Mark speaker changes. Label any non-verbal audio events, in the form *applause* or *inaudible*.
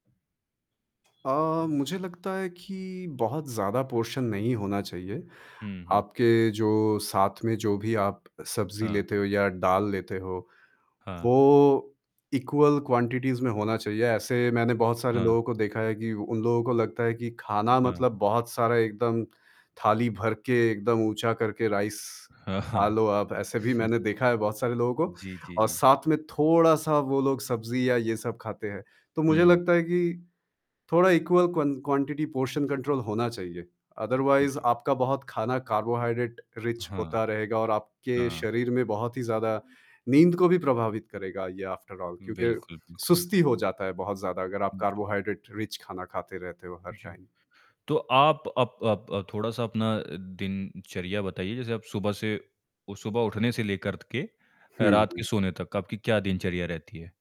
Speaker 1: अ, मुझे लगता है कि बहुत ज़्यादा पोर्शन नहीं होना चाहिए।
Speaker 2: हुँ, हुँ।
Speaker 1: आपके जो साथ में जो भी आप सब्ज़ी
Speaker 2: हाँ।
Speaker 1: लेते हो या दाल लेते हो।
Speaker 2: हाँ।
Speaker 1: वो इक्वल क्वांटिटीज़ में होना चाहिए। ऐसे मैंने बहुत सारे
Speaker 2: हाँ।
Speaker 1: लोगों को देखा है कि उन लोगों को लगता है कि खाना
Speaker 2: हाँ।
Speaker 1: मतलब बहुत सारा एकदम थाली भर के एकदम ऊँचा करके राइस
Speaker 2: हाँ, हाँ।
Speaker 1: खा
Speaker 2: *chuckles*
Speaker 1: लो आप ऐसे भी मैंने देखा है बहुत सारे लोगों को
Speaker 2: जी, जी,
Speaker 1: और
Speaker 2: जी।
Speaker 1: साथ में थोड़ा-सा वो लोग सब्ज़ी या ये सब खाते हैं। तो मुझे
Speaker 2: हुँ।
Speaker 1: लगता है कि थोड़ा इक्वल क्वं क्वांटिटी पोर्शन कंट्रोल होना चाहिए।
Speaker 2: हुँ,
Speaker 1: अदरवाइज़
Speaker 2: जी।
Speaker 1: आपका बहुत खाना कार्बोहाइड्रेट रिच
Speaker 2: हाँ,
Speaker 1: होता रहेगा और आपके
Speaker 2: हाँ।
Speaker 1: शरीर में बहुत ही ज़्यादा नींद को भी प्रभावित करेगा ये आफ्टर ऑल क्योंकि
Speaker 2: बिल्कुल, बिल्कुल।
Speaker 1: सुस्ती हो जाता है बहुत ज़्यादा अगर आप
Speaker 2: जी।
Speaker 1: कार्बोहाइड्रेट रिच खाना खाते रहते हो हर
Speaker 2: जी।
Speaker 1: टाइम।
Speaker 2: तो आप अप अप अ, थोड़ा-सा अपना दिनचर्या बताइए, जैसे आप सुबह से उस शुभ उठने से लेकर त के
Speaker 1: हुँ,
Speaker 2: रात के
Speaker 1: हुँ।
Speaker 2: सोने तक आपकी क्या दिनचर्या रहती है?